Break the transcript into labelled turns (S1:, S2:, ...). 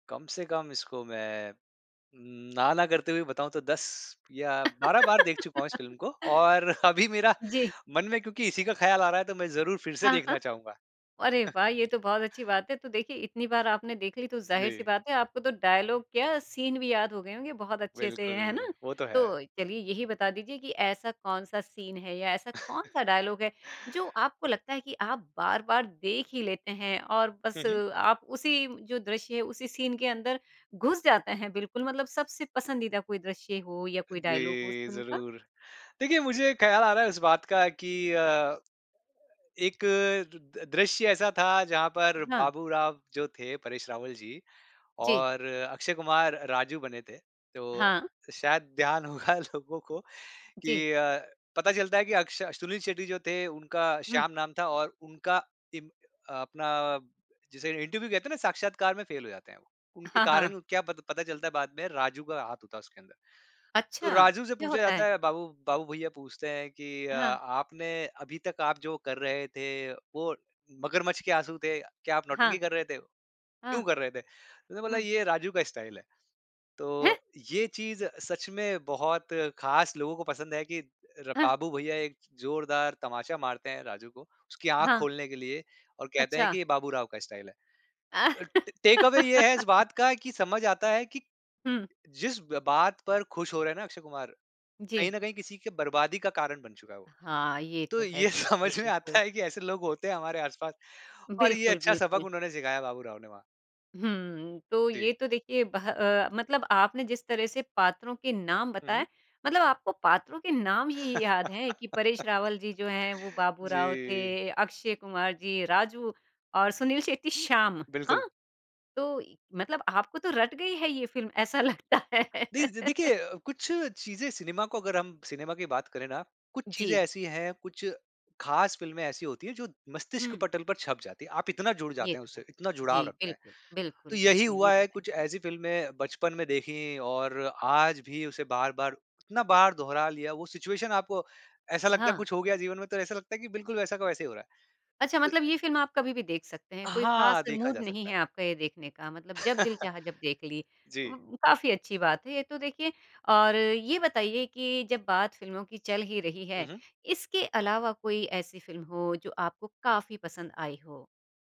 S1: कम से कम इसको मैं ना, ना करते हुए बताऊँ तो 10 या 12 बार देख चुका हूँ इस फ़िल्म को और अभी मेरा
S2: जी।
S1: मन में क्योंकि इसी का ख़्याल आ रहा है तो मैं ज़रूर फिर से
S2: हाँ, हाँ।
S1: देखना चाहूँगा।
S2: अरे वाह! ये तो बहुत अच्छी बात है। तो देखिए इतनी बार आपने देख ली तो ज़ाहिर-सी
S1: जी।
S2: बात है, आपको तो डायलॉग क्या सीन भी याद हो गए होंगे बहुत अच्छे से, है ना?
S1: बिल्कुल, वो तो है।
S2: तो चलिए यही बता दीजिए कि ऐसा कौन-सा सीन है या ऐसा कौन-सा डायलॉग है, जो आपको लगता है कि आप बार-बार देख ही लेते हैं और
S1: हुँ,
S2: बस
S1: हुँ।
S2: आप उसी जो दृश्य है, उसी सीन के अंदर घुस जाते हैं, बिल्कुल मतलब सबसे पसंदीदा कोई दृश्य हो या कोई डायलॉग हो उस
S1: जी,
S2: फ़िल्म का?
S1: ज़रूर देखिए, मुझे एक ख़्याल आ रहा है इस बात का कि अ, एक दृश्य ऐसा था जहाँ पर
S2: हाँ।
S1: बाबू राव जो थे, परेश रावल जी
S2: जी।
S1: और अक्षय कुमार राजू बने थे तो
S2: हाँ।
S1: शायद ध्यान होगा लोगों को
S2: जी।
S1: की अ, पता चलता है कि अक्ष सुनील शेट्टी जो थे उनका
S2: हुँ।
S1: श्याम नाम था और उनका इप अपना जिसे इंटरव्यू है, कहते हैं ना साक्षात्कार में फेल हो जाते हैं। उनके
S2: हाँ, हाँ।
S1: कारण क्या पता पता चलता है बाद में राजू का हाथ होता है उसके अंदर।
S2: अच्छा,
S1: तो राजू से
S2: क्या
S1: पूछा
S2: होता है?
S1: जाता है बाबू, बाबू भैया पूछते हैं कि अ,
S2: हाँ।
S1: आपने अभी तक आप जो कर रहे थे वो मगरमच्छ के आँसू थे? क्या आप नौटंकी
S2: हाँ।
S1: कर रहे थे? क्यों
S2: हाँ।
S1: कर रहे थे, उसने बोला
S2: हुँ।
S1: ये राजू का स्टाइल है।
S2: हैं?
S1: तो ये चीज़ सच में बहुत ख़ास लोगों को पसंद है कि
S2: हाँ।
S1: बाबू भैया एक ज़ोरदार तमाचा मारते हैं राजू को, उसकी आँख
S2: हाँ।
S1: खोलने के लिए और कहते हैं
S2: अच्छा।
S1: कि ये बाबू राव का स्टाइल है। अ, टेक अवे ये है इस बात का कि समझ आता है कि
S2: हुँ।
S1: जिस बात पर खुश हो रहे हैं ना अक्षय कुमार कहीं
S2: जी।
S1: न कहीं किसी के बर्बादी का कारण बन चुका है वो।
S2: हाँ, ये
S1: तो
S2: तो है
S1: ये
S2: देखिए,
S1: समझ में आता
S2: बिल्कुल।
S1: है कि ऐसे लोग होते हैं हमारे आस-पास और ये
S2: बिल्कुल,
S1: अच्छा सबक
S2: बिल्कुल।
S1: उन्होंने सिखाया बाबू राव ने वहाँ।
S2: हुँ, तो
S1: जी।
S2: ये तो देखिए बह अ, मतलब आपने जिस तरह से पात्रों के नाम
S1: हुँ, हुँ।
S2: बताएँ, मतलब आपको पात्रों के नाम ही याद है कि परेश रावल जी जो हैं, वो बाबू राव
S1: जी।
S2: थे, अक्षय कुमार जी, राजू और सुनील शेट्टी श्याम।
S1: बिल्कुल।
S2: हाँ? तो मतलब आपको तो रट गई है ये फ़िल्म ऐसा लगता है?
S1: जी देखिए, कुछ चीज़ें सिनेमा को अगर हम सिनेमा की बात करें ना, कुछ चीज़ें
S2: जी।
S1: ऐसी हैं, कुछ ख़ास फ़िल्में ऐसी होती हैं जो मस्तिष्क
S2: हुँ।
S1: पटल पर छप जाती हैं। आप इतना जुड़
S2: ये
S1: जाते हैं
S2: तो है।
S1: उससे, इतना जुड़ाव
S2: जी,
S1: रखते हैं।
S2: बिल्कुल,
S1: तो
S2: बिल्कुल,
S1: यही
S2: बिल्कुल ये
S1: हुआ
S2: तो
S1: है
S2: है।
S1: कुछ ऐसी फ़िल्में बचपन में देखी और आज भी उसे बार-बार इतना बार दोहरा लिया वो सिचुएशन है, आपको ऐसा लगता है
S2: हाँ।
S1: कुछ हो गया जीवन में तो ऐसा लगता है कि बिल्कुल वैसा का वैसा ही हो रहा
S2: अच्छा,
S1: है। अ
S2: मतलब ये फ़िल्म आप कभी भी देख सकते हैं, कोई ख़ास
S1: हाँ, देखा
S2: मूड
S1: जा
S2: नहीं
S1: सकता
S2: है
S1: है।
S2: आपका ये देखने का मतलब जब दिल चाहा जब देख ली।
S1: जी।
S2: उ काफ़ी अच्छी बात है ये तो देखिए और ये बताइए कि जब बात फ़िल्मों की चल ही रही
S1: हुँ,
S2: है,
S1: हुँ।
S2: इसके अलावा कोई ऐसी फ़िल्म हो जो आपको काफ़ी पसंद आई हो?